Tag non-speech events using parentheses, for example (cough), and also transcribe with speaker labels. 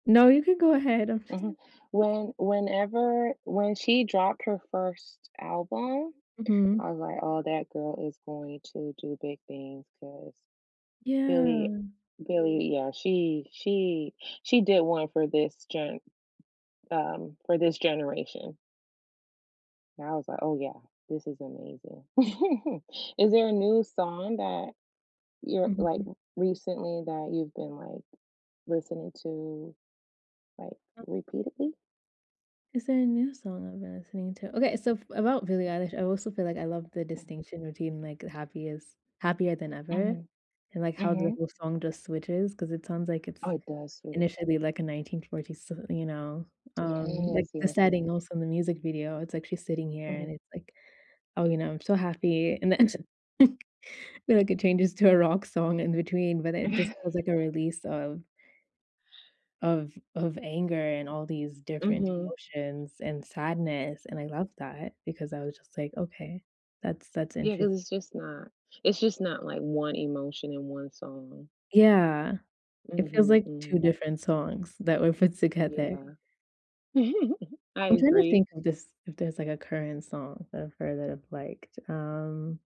Speaker 1: No, you can go ahead. I'm just
Speaker 2: Mhm. When whenever when she dropped her 1st album, I
Speaker 1: Mhm.
Speaker 2: was, like, "Oh, that girl is going to do big things," 'cause Billie
Speaker 1: Yeah.
Speaker 2: Billie yeah, she she she did 1 for this gen um, for this generation. And I was, like, "Oh, yeah. This is amazing." (giggles) Is there a new song that you're like,
Speaker 1: Mhm.
Speaker 2: recently that you've been, like, listening to, like, repeatedly?
Speaker 1: Is there a new song I've been listening to? Okay, so f about Billie Eilish, I also feel like I love the distinction between, like, happiest Happier Than Ever
Speaker 2: Mhm.
Speaker 1: and, like, how the
Speaker 2: Mhm.
Speaker 1: whole song just switches 'cause it sounds like
Speaker 2: Oh,
Speaker 1: it's
Speaker 2: it does switch.
Speaker 1: initially like a 1940s, you know, um like
Speaker 2: Yes,
Speaker 1: the
Speaker 2: yes, yes.
Speaker 1: setting also in the music video, it's like she's sitting here and
Speaker 2: Mhm.
Speaker 1: it's, like, "Oh, you know, I'm so happy," and then, (chuckles) and like it changes to a rock song in between, but it just was like a release
Speaker 2: (chuckles)
Speaker 1: of of of anger and all these different
Speaker 2: Mhm.
Speaker 1: emotions and sadness, and I love that because I was just, like, "Okay, that's that's
Speaker 2: Yeah,
Speaker 1: inter"
Speaker 2: 'cause it's just not it's just not, like, 1 emotion in 1 song.
Speaker 1: Yeah. It feels
Speaker 2: Mhm,
Speaker 1: like 2
Speaker 2: mhm.
Speaker 1: different songs that were put together.
Speaker 2: Yeah. (giggles) I
Speaker 1: I'm trying to
Speaker 2: agree.
Speaker 1: think of this if there's like a current song that I've heard that I've liked. Um